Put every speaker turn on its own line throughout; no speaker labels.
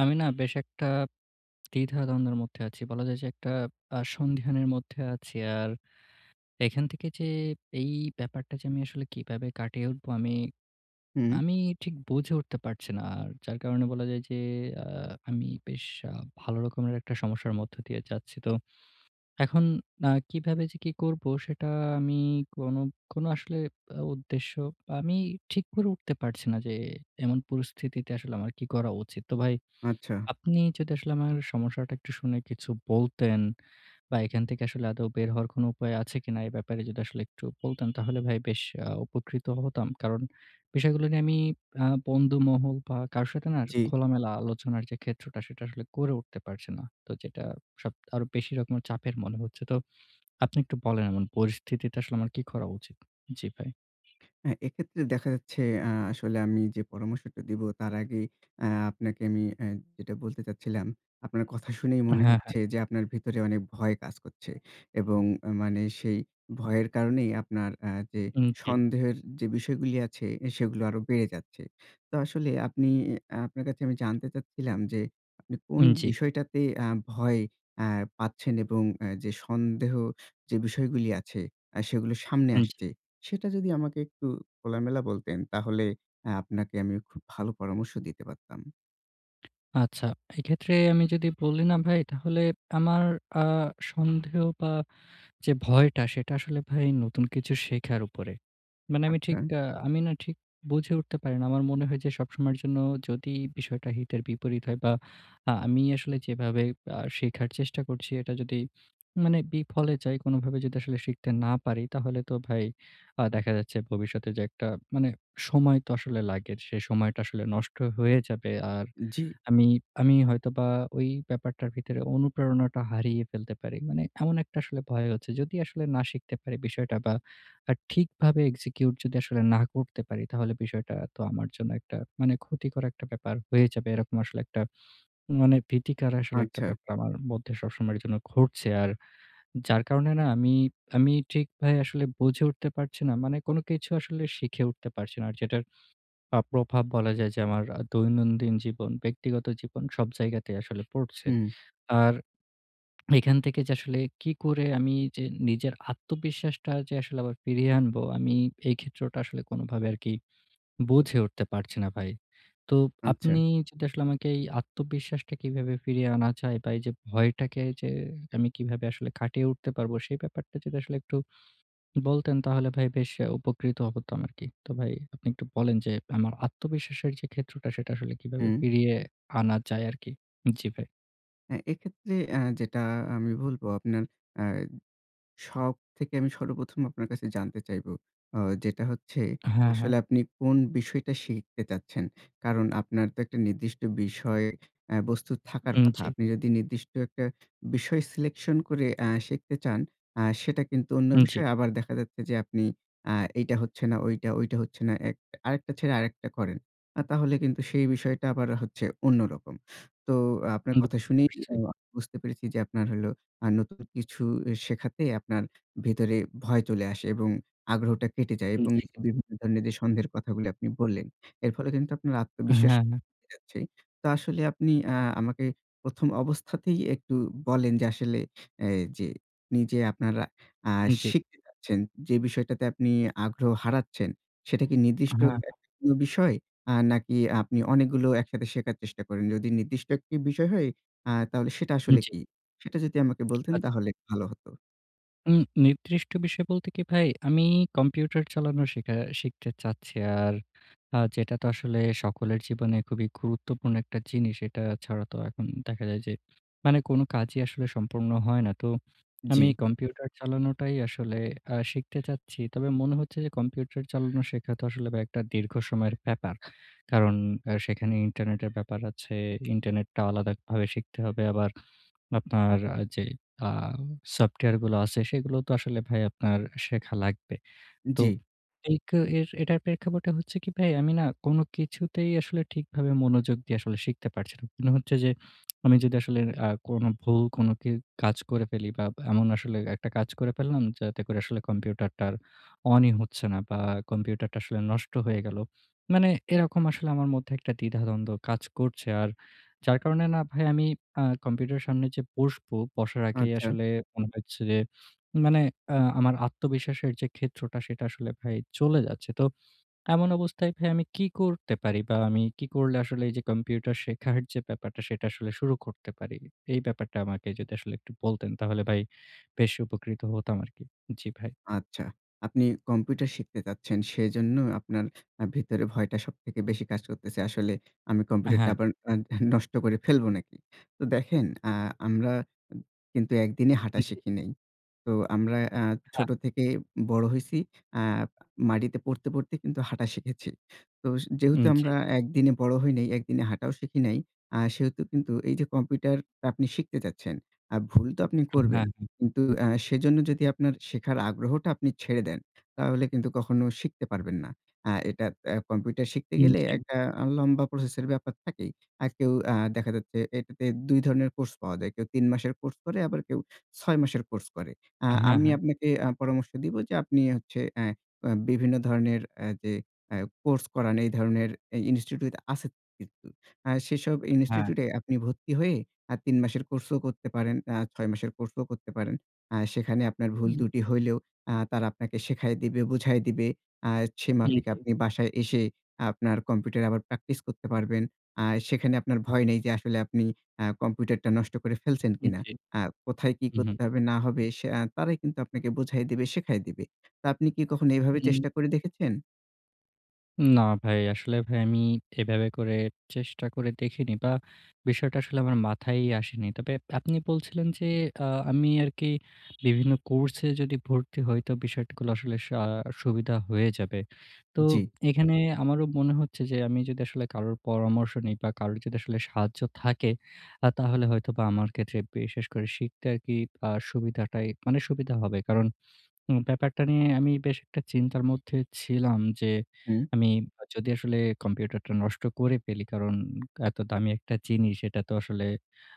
আমি না বেশ একটা দ্বিধাদ্বন্দের মধ্যে আছি। বলা যায় যে একটা আ সন্ধিহানের মধ্যে আছি। আর এখান থেকে যে এই ব্যাপারটা যে আমি আসলে কিভাবে কাটিয়ে উঠবো আমি,
হুম।
আমি ঠিক বুঝে উঠতে পারছি না। যার কারণে বলা যায় যে আ আমি বেশ আ ভালো রকমের একটা সমস্যার মধ্য দিয়ে যাচ্ছি। তো এখন আ কিভাবে যে কি করবো, সেটা আমি কোনো, কোনো আসলে আ উদ্দেশ্য, আমি ঠিক করে উঠতে পারছি না যে এমন পরিস্থিতিতে আসলে আমার কি করা উচিত। তো ভাই,
আচ্ছা।
আপনি যদি আসলে আমার সমস্যাটা একটু শুনে কিছু বলতেন বা এখান থেকে আসলে আদৌ বের হওয়ার কোনো উপায় আছে কিনা, এ ব্যাপারে যদি একটু বলতেন তাহলে ভাই বেশ আ উপকৃত হতাম। কারণ, বিষয়গুলো নিয়ে আমি আ বন্ধুমহল বা কারো সাথে না
জি।
খোলামেলা আলোচনার যে ক্ষেত্রটা, সেটা করে উঠতে পারছে না। তো যেটা সব, আরো বেশি রকম চাপের মনে হচ্ছে। তো আপনি একটু বলেন পরিস্থিতিতে আসলে আমার কি করা উচিত? জি ভাই।
অ্যা এক্ষেত্রে দেখা যাচ্ছে অ্যা আসলে আমি যে পরামর্শটা দিবো, তার আগে অ্যা আপনাকে আমি অ্যা যেটা বলতে চাচ্ছিলাম, আপনার কথা শুনেই
আ
মনে
হ্যাঁ, হ্যাঁ।
হচ্ছে যে আপনার ভেতরে অনেক ভয় কাজ করছে, এবং আ মানে সেই ভয়ের কারণেই আপনার অ্যা যে
উম জি।
সন্দেহের যে বিষয়গুলী আছে, এ সেগুলো আরো বেড়ে যাচ্ছে। তো আসলে আপনি, অ্যা আপনার কাছে আমি জানতে চাচ্ছিলাম যে, আপনি কোন
উম জি।
বিষয়টাতে আ ভয় অ্যা পাচ্ছেন এবং অ্যা যে সন্দেহ যে বিষয়গুলি আছে, আ সেগুলো সামনে
উম জি।
আসছে। সেটা যদি আমাকে একটু খোলামেলা বলতেন তাহলে অ্যা আপনাকে আমি খুব ভালো পরামর্শ দিতে পারতাম।
আচ্ছা। এক্ষেত্রে আমি যদি বলি না ভাই, তাহলে আমার আ সন্দেহ বা যে ভয়টা সেটা আসলে ভাই নতুন কিছু শেখার উপরে। মানে আমি
আচ্ছা।
ঠিক আ আমি না ঠিক বুঝে উঠতে পারি না। আমার মনে হয় যে সবসময়ের জন্য যদি বিষয়টা হিতের বিপরীত হয় বা আ আমি আসলে যেভাবেই আ শিখার চেষ্টা করছি, এটা যদি মানে বিফলে যায়, কোনভাবে যদি আসলে শিখতে না পারি, তাহলে তো ভাই আ দেখা যাচ্ছে ভবিষ্যতে যে একটা মানে সময় তো আসলে লাগে। সেই সময়টা আসলে নষ্ট হয়ে যাবে। আর
জ্বি।
আমি, আমি হয়তোবা ওই ব্যাপারটার ভিতরে অনুপ্রেরণাটা হারিয়ে ফেলতে পারি। মানে এমন একটা আসলে ভয় হচ্ছে। যদি আসলে না শিখতে পারি বিষয়টা বা আ ঠিকভাবে execute যদি আসলে না করতে পারি, তাহলে বিষয়টা তো আমার জন্য একটা মানে ক্ষতিকর একটা ব্যাপার হয়ে যাবে। এরকম আসলে একটা মানে ভীতিকর আসলে একটা
আচ্ছা।
ব্যাপার আমার মধ্যে সবসময়ের জন্য ঘুরছে। আর যার কারণে না আমি, আমি ঠিকভাবে আসলে বুঝে উঠতে পারছি না। মানে কোন কিছু আসলে শিখে উঠতে পারছি না। আর যেটার আ প্রভাব বলা যায় যে আমার আ দৈনন্দিন জীবন, ব্যক্তিগত জীবন সব জায়গাতেই আসলে পড়ছে।
হুম।
আর এখান থেকে যে আসলে কী করে আমি নিজের আত্মবিশ্বাসটা যে আসলে আবার ফিরিয়ে আনবো, আমি এই ক্ষেত্রটা আসলে কোনভাবে আরকি বুঝে উঠতে পারছি না ভাই। তো
আচ্ছা।
আপনি যেটা আসলে আমাকেই আত্মবিশ্বাসটা কীভাবে ফিরিয়ে আনা যায় বা এইযে ভয়টাকে এইযে আমি কিভাবে আসলে কাটিয়ে উঠতে পারবো, সেই ব্যাপারটা যদি একটু বলতেন তাহলে ভাই বেশ আ উপকৃত হতাম আরকি। তো ভাই, আপনি একটু বলেন যে, আমার আত্মবিশ্বাসের যে ক্ষেত্রটা সেটা আসলে কীভাবে
হুম।
ফিরিয়ে আনা যায় আরকি? জি ভাই।
হ্যাঁ এক্ষেত্রে অ্যা যেটা আমি বলব আপনার অ্যা শখ থেকে আমি সর্বপ্রথম আপনার কাছে জানতে চাইব। অ যেটা হচ্ছে
হ্যাঁ, হ্যাঁ।
আসলে আপনি কোন বিষয়টা শিখতে চাচ্ছেন? কারণ আপনার তো একটা নির্দিষ্ট বিষয় অ্যা বস্তু থাকার
উম
কথা।
জি।
আপনি যদি নির্দিষ্ট একটা বিষয় সিলেকশন করে অ্যা শিখতে চান আ সেটা কিন্তু অন্য
উম জি।
বিষয়ে আবার দেখা যাচ্ছে যে আপনি আ এইটা হচ্ছে না, ঐটা, ঐটা হচ্ছে না এক। আরেকটা ছেড়ে আরেকটা করেন। আ তাহলে কিন্তু সেই বিষয়টা আবার হচ্ছে অন্যরকম। তো আপনার কথা শুনেই [unintelligible] বুঝতে পেরেছি যে আপনার হলো আ নতুন কিছু শেখাতে আপনার ভেতরে ভয় চলে আসে এবং আগ্রহটা কেটে যায়
উম
এবং
জি।
[unintelligible] বিভিন্ন ধরনের যে সন্দেহের কথাগুলো আপনি বললেন। এর ফলে কিন্তু আপনার
হ্যাঁ,
আত্মবিশ্বাস
হ্যাঁ।
চলে যাচ্ছে। তো আসলে আপনি আ আমাকে প্রথম অবস্থাতেই একটু বলেন যে আসলে অ্যা যে নিজে আপনারা আ
উম জি।
শিখতে যাচ্ছেন, যে বিষয়টাতে আপনি আগ্রহ হারাচ্ছেন সেটা কি
আ
নির্দিষ্ট
হ্যাঁ,
[unintelligible]
হ্যাঁ।
কোনো বিষয়? আ নাকি আপনি অনেকগুলো একসাথে শেখার চেষ্টা করেন? যদি নির্দিষ্ট একটি বিষয় হয় আ তাহলে সেটা
উম
আসলে
জি।
কী? সেটা যদি আমাকে বলতেন
আচ্ছা।
তাহলে ভালো হতো।
উম নির্দিষ্ট বিষয় বলতে কি ভাই, আমি কম্পিউটার চালানো শেখা শিখতে চাচ্ছি। আর আ যেটা তো আসলে সকলের জীবনে খুবই গুরুত্বপূর্ণ একটা জিনিস। এটা ছাড়া তো এখন দেখা যায় যে মানে কোন কাজই আসলে সম্পূর্ণ হয় না। তো আমি
জি।
কম্পিউটার চালানোটাই আসলে আ শিখতে চাচ্ছি। তবে মনে হচ্ছে যে কম্পিউটার চালানো শেখা তো বা আসলে একটা দীর্ঘ সময়ের ব্যাপার। কারণ সেখানে ইন্টারনেটের ব্যাপার আছে। ইন্টারনেটটা আলাদাভাবে শিখতে হবে। আবার আপনার যে আ সফটওয়্যারগুলো আছে সেগুলো তো আসলে ভাই আপনার শেখা লাগবে। তো
জি।
এ এর এটার প্রেক্ষাপটে হচ্ছে কি ভাই আমি না কোন কিছুতেই আসলে ঠিকভাবে মনোযোগ দিয়ে আসলে শিখতে পারছি না। মনে হচ্ছে যে আমি যদি আসলে আ কোন ভুল কোনো কে কাজ করে ফেলি বা এমন আসলে একটা কাজ করে ফেললাম যাতে করে আসলে কম্পিউটারটা আর অনই হচ্ছে না বা কম্পিউটারটা আসলে নষ্ট হয়ে গেলো। মানে এরকম আসলে আমার মধ্যে একটা দ্বিধা-দ্বন্দ্ব কাজ করছে। আর যার কারণে না ভাই আমি আ কম্পিউটারের সামনে যে বসব, বসার আগেই
আচ্ছা।
আসলে মনে হচ্ছে যে মানে অ্যা আমার আত্মবিশ্বাসের যে ক্ষেত্রটা সেটা আসলে ভাই চলে যাচ্ছে। তো এমন অবস্থায় ভাই আমি কী করতে পারি বা আমি কি করলে আসলে এই যে কম্পিউটার শেখার যে ব্যাপারটা সেটা আসলে শুরু করতে পারি? এই ব্যাপারটা আমাকে যদি আসলে একটু বলতেন তাহলে ভাই বেশ উপকৃত হতাম আরকি। জি ভাই।
আচ্ছা। আপনি কম্পিউটার শিখতে চাচ্ছেন সেজন্য আপনার আ ভিতরে ভয়টা সবথেকে বেশি কাজ করতেছে। আসলে আমি
আ
কম্পিউটারটা
হ্যাঁ।
আবার আ নষ্ট করে ফেলবো নাকি? তো আ দেখেন আ আমরা কিন্তু একদিনে হাঁটা শিখি নাই। তো আমরা অ্যা
হ্যাঁ।
ছোট থেকে বড় হইছি। আ মাটিতে পড়তে, পড়তে কিন্তু হাঁটা শিখেছি। তো যেহেতু
উম
আমরা
জি।
একদিনে বড় হই নাই, একদিনে হাঁটাও শিখি নাই। আ সেহেতু কিন্তু এই যে কম্পিউটারটা আপনি শিখতে চাচ্ছেন। আর ভুল তো আপনি
আ
করবেন।
হ্যাঁ, হ্যাঁ।
কিন্তু অ্যা সেজন্য যদি আপনার শেখার আগ্রহটা আপনি ছেড়ে দেন তাহলে কিন্তু কখনো শিখতে পারবেন না। আ এটা আ কম্পিউটার শিখতে
উম
গেলে
জি।
একটা আ লম্বা প্রসেস এর ব্যাপার থাকেই। আর কেউ আ দেখা যাচ্ছে এটাতে দুই ধরনের কোর্স পাওয়া যায়। কেউ ৩ মাসের কোর্স করে আবার কেউ ৬ মাসের কোর্স করে। অ্যা
আ হ্যাঁ,
আমি
হ্যাঁ।
আপনাকে আ পরামর্শ দিব যে আপনি হচ্ছে অ্যা বিভিন্ন ধরনের অ্যা যে কোর্স করান এই ধরনের ইনস্টিটিউট আছে কিন্তু। সেসব
হ্যাঁ।
ইনস্টিটিউট এ আপনি ভর্তি হয়ে আ ৩ মাসের কোর্সও করতে পারেন। আ ৬ মাসের কোর্সও করতে পারেন। অ্যা সেখানে আপনার ভুল ত্রুটি হইলেও আ তারা আপনাকে শেখায় দিবে, বুঝায় দিবে। আ সে মাফিক আপনি বাসায় এসে আপনার কম্পিউটারে আবার প্র্যাকটিস করতে পারবেন। আ সেখানে আপনার ভয় নেই যে আসলে আপনি আ কম্পিউটারটা নষ্ট করে ফেলছেন
উম
কিনা।
জি।
আ কোথায় কি
হুম, হুম।
করতে হবে না হবে সে তারাই কিন্তু আপনাকে বুঝায় দিবে, শেখায় দিবে। তো আপনি কি কখনো এভাবে
হুম।
চেষ্টা করে দেখেছেন?
না ভাই, আসলে ভাই আমি এভাবে করে চেষ্টা করে দেখিনি বা, বিষয়টা আসলে আমার মাথায়ই আসেনি। তবে আপনি বলছিলেন যে, আ আমি আরকি বিভিন্ন কোর্সে যদি ভর্তি হই তো বিষয়গুলো আসলে স সুবিধা হয়ে যাবে। তো
জি।
এখানে আমারও মনে হচ্ছে যে আমি যদি আসলে কারোর পরামর্শ নেই বা, কারোর যদি আসলে সাহায্য থাকে, আ তাহলে হয়তোবা আমার ক্ষেত্রে বিশেষ করে শিখতে আরকি আ সুবিধা্টা মানে সুবিধা হবে। কারণ ব্যাপারটা নিয়ে আমি বেশ একটা চিন্তার মধ্যে ছিলাম যে,
হুম।
আমি বা যদি আসলে কম্পিউটারটা নষ্ট করে ফেলি, কারণ এত দামি একটা জিনিস, এটা তো আসলে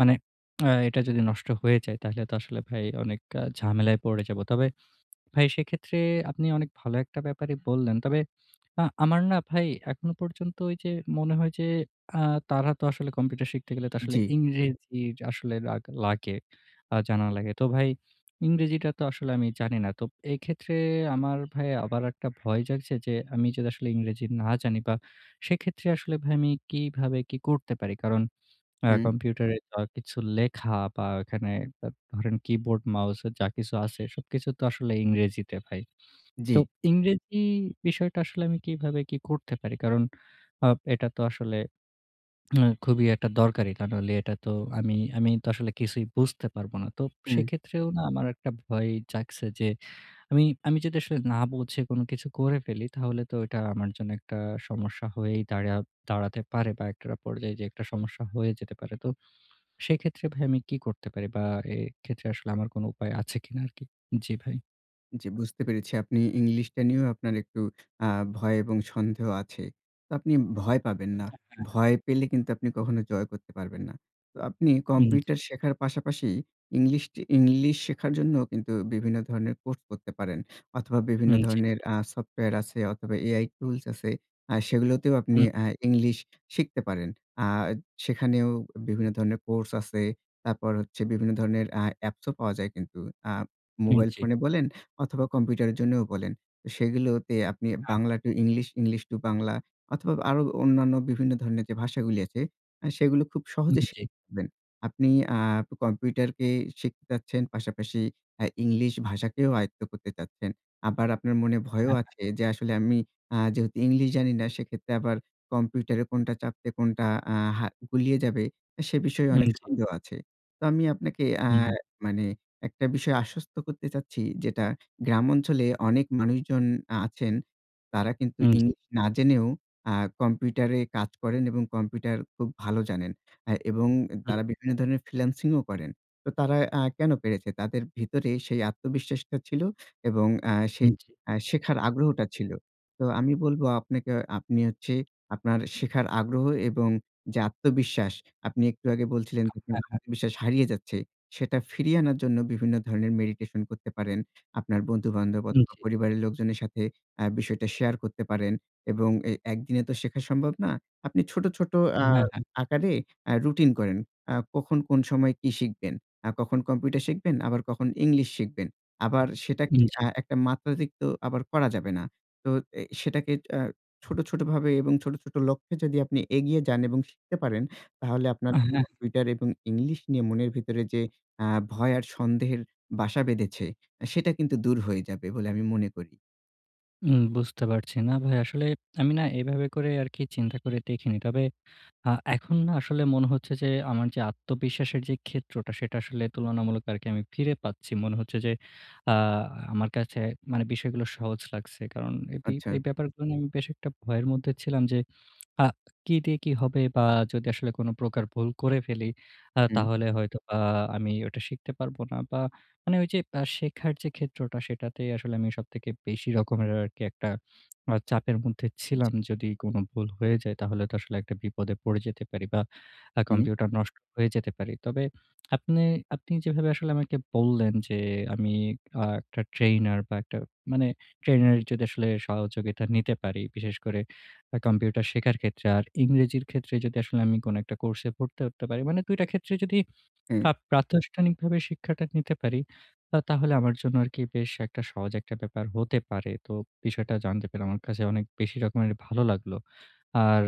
মানে অ্যা এটা যদি নষ্ট হয়ে যায়, তাইলে তো আসলে ভাই অনেক ঝামেলায় পড়ে যাব। তবে ভাই সেক্ষেত্রে আপনি অনেক ভালো একটা ব্যাপারে বললেন। তবে আ আমার না ভাই এখনো পর্যন্ত ওইযে মনে হয় যে, আ তারা তো আসলে কম্পিউটার শিখতে গেলে আসলে
জি।
ইংরেজি জা আসলে লা লাগে আ জানা লাগে। তো ভাই ইংরেজিটা তো আসলে আমি জানি না। তো এক্ষেত্রে আমার ভাই আবার একটা ভয় জাগছে যে আমি যদি আসলে ইংরেজি না জানি বা, সেক্ষেত্রে আসলে ভাই আমি কীভাবে কি করতে পারি? কারণ অ্যা
হু।
কম্পিউটারে দা কিছু লেখা বা, এখানে দা ধরেন কিবোর্ড, মাউসে যা কিছু আছে, সবকিছু তো আসলে ইংরেজিতে ভাই। তো
জি।
ইংরেজি বিষয়টা আসলে আমি কিভাবে কি করতে পারি? কারণ অ এটা তো আসলে উম খুবই একটা দরকারি। তা নইলে এটা তো আমি আমি আসলে কিছুই বুঝতে পারব না। তো উব
হুম।
সেক্ষেত্রেও না আমার একটা ভয় জাগছে যে আমি আমি যদি না বুঝে কোন কিছু করে ফেলি, তাহলে তো এটা আমার জন্য একটা সমস্যা হয়েই দাঁড়া দাঁড়াতে পারে বা, একটার পর্যায়ে যেয়ে একটা সমস্যা হয়ে যেতে পারে। তো সেক্ষেত্রে ভাই আমি কী করতে পারি বা, এক্ষেত্রে আসলে আমার কোন উপায় আছে কিনা আরকি? জি ভাই।
জ্বি। বুঝতে পেরেছি। আপনি ইংলিশটা নিয়েও আপনার একটু আ ভয় এবং সন্দেহ আছে। তো আপনি ভয় পাবেন না।
অ্যা হ্যাঁ।
ভয় পেলে কিন্তু আপনি কখনো জয় করতে পারবেন না। তো আপনি
হুম, জ্বি।
কম্পিউটার শেখার পাশাপাশি ইংলিশটি ইংলিশ শেখার জন্য কিন্তু বিভিন্ন ধরনের কোর্স করতে পারেন। অথবা, বিভিন্ন
হুম, জ্বি।
ধরনের আ সফটওয়্যার আছে অথবা, AI টুলস আছে। আ সেগুলোতেও আপনি
হুম।
আ ইংলিশ শিখতে পারেন। আ সেখানেও বিভিন্ন ধরনের কোর্স আছে। তারপর হচ্ছে বিভিন্ন ধরনের আ অ্যাপ্সও পাওয়া যায় কিন্তু। আ
হুম,
মোবাইল
জ্বি।
ফোনে বলেন অথবা, কম্পিউটারের জন্যও বলেন। সেগুলোও তে আপনি
আহা।
Bangla to English, English to Bangla অথবা, আরো অন্যান্য বিভিন্ন ধরনের যে ভাষাগুলি আছে, আ সেগুলো খুব
উম
সহজে
জ্বি।
শিখবেন। আপনি আ কম্পিউটারকে শিখতে চাচ্ছেন। পাশাপাশি আ ইংলিশ ভাষাকেও আয়ত্ত করতে চাচ্ছেন। আবার আপনার মনে ভয়ও
হ্যাঁ, হ্যাঁ।
আছে, যে, "আসলে আমি আ যেহেতু ইংলিশ জানি না, সেক্ষেত্রে আবার কম্পিউটারে কোনটা চাপতে কোনটা আ হা গুলিয়ে যাবে," সে বিষয়ে
হুম,
অনেক
জ্বি।
সন্দেহ আছে। তো আমি আপনাকে
হুম,
আর
হুম।
মানে একটা বিষয়ে আশ্বস্ত করতে চাচ্ছি, যেটা গ্রাম অঞ্চলে অনেক মানুষজন আ আছেন। তারা কিন্তু
হুম, জ্বি।
ইংলিশ না জেনেও আ কম্পিউটারে কাজ করেন এবং কম্পিউটার খুব ভালো জানেন। আ এবং
হুম।
তারা বিভিন্ন ধরনের ফ্রিল্যান্সিংও করেন। তো তারা আ কেন পেরেছে? তাদের ভিতরে সেই আত্মবিশ্বাসটা ছিল এবং অ্যা সেই
হুম, জ্বি।
অ্যা শেখার আগ্রহটা ছিল। তো আমি বলবো আপনাকে, অ আপনি হচ্ছে আপনার শেখার আগ্রহ এবং যে আত্মবিশ্বাস, আপনি একটু আগে বলছিলেন যে, "আপনার
হ্যাঁ, হ্যাঁ।
আত্মবিশ্বাস হারিয়ে যাচ্ছে," সেটা ফিরিয়ে আনার জন্য বিভিন্ন ধরনের মেডিটেশন করতে পারেন। আপনার বন্ধু-বান্ধব
হুম,
অথবা,
জ্বি।
পরিবারের লোকজনের সাথে অ্যা বিষয়টা শেয়ার করতে পারেন এবং এ একদিনে তো শেখা সম্ভব না। আপনি ছোট, ছোট অ্যা
হ্যাঁ, হ্যাঁ।
আকারে আ রুটিন করেন। অ্যা কখন কোন সময় কি শিখবেন, আ কখন কম্পিউটার শিখবেন, আবার কখন ইংলিশ শিখবেন। আবার সেটাকে
উম জ্বি।
অ্যা একটা মাত্রাধিক্য করা যাবে না। তো এ সেটাকে এ ছোট, ছোট ভাবে এবং ছোট, ছোট লক্ষ্যে যদি আপনি এগিয়ে যান এবং শিখতে পারেন, তাহলে আপনার
হ্যাঁ।
কম্পিউটার এবং ইংলিশ নিয়ে মনের ভিতরে যে অ্যা ভয় আর সন্দেহের বাসা বেঁধেছে, অ্যা সেটা কিন্তু দূর হয়ে যাবে বলে আমি মনে করি।
উম বুঝতে পারছি। না ভাই, আসলে আমি না এভাবে করে আরকি চিন্তা করে দেখিনি। তবে আ এখন না আসলে মনে হচ্ছে যে, আমার যে আত্মবিশ্বাসের যে ক্ষেত্রটা, সেটা আসলে তুলনামূলক আরকি আমি ফিরে পাচ্ছি। মনে হচ্ছে যে, আ আমার কাছে মানে বিষয়গুলো সহজ লাগছে। কারণ এই বি
আচ্ছা।
ব্যাপারগুলো নিয়ে আমি বেশ একটা ভয়ের মধ্যে ছিলাম যে, আ কি দিয়ে কি হবে বা যদি আসলে কোন প্রকার ভুল করে ফেলি? আ
হুম।
তাহলে হয়তো আ আমি ওটা শিখতে পারবো না। বা মানে ওই যে শেখার যে ক্ষেত্রটা, সেটাতেই আসলে আমি সবথেকে বেশি রকমের আরকি একটা আ চাপের মধ্যে
জি।
ছিলাম। যদি কোন ভুল হয়ে যায়, তাহলে তো আসলে একটা বিপদে পড়ে যেতে পারি বা আ
হুম।
কম্পিউটার নষ্ট হয়ে যেতে পারি। তবে আপনে আপনি যেভাবে আসলে আমাকে বললেন যে, আমি অ ১ টা ট্রেনার বা ১ টা মানে ট্রেনারের যদি আসলে সহযোগিতা নিতে পারি, বিশেষ করে কম্পিউটার শেখার ক্ষেত্রে। আর ইংরেজির ক্ষেত্রে যদি আসলে কোন একটা কোর্সে ভর্তি হতে পারি। মানে দুইটা ক্ষেত্রে যদি আ
হুম।
প্রাতিষ্ঠানিক ভাবে শিক্ষাটা নিতে পারি, আ তাহলে আমার জন্য আরকি বেশ একটা সহজ একটা ব্যাপার হতে পারে। তো বিষয়টা জানতে পেরে, আমার কাছে অনেক বেশি রকমের ভালো লাগলো। আর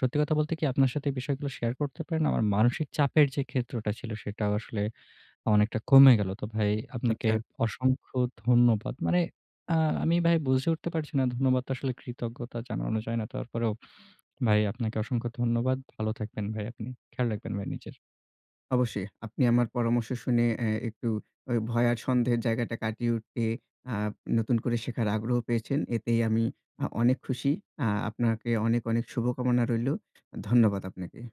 সত্যি কথা বলতে কি? আপনার সাথে এই বিষয়গুলো শেয়ার করতে পেরে না? আমার মানসিক চাপের যে ক্ষেত্রটা ছিল, সেটাও আসলে অনেকটা কমে গেলো। তো ভাই আপনাকে
আচ্ছা।
অসংখ্য ধন্যবাদ। মানে আ আমি ভাই বুঝে উঠতে পারছি না। ধন্যবাদ তো আসলে কৃতজ্ঞতা জানানো যায় না। তারপরেও ভাই আপনাকে অসংখ্য ধন্যবাদ। ভালো থাকবেন ভাই আপনি। খেয়াল রাখবেন ভাই নিজের।
অবশ্যই। আপনি আমার পরামর্শ শুনে অ্যা একটু ঐ ভয় আর সন্দেহের জায়গাটা কাটিয়ে উঠে, আ নতুন করে শেখার আগ্রহ পেয়েছেন। এতেই আমি আ অনেক খুশি। আ আপনাকে অনেক, অনেক শুভকামনা রইলো। ধন্যবাদ আপনাকে।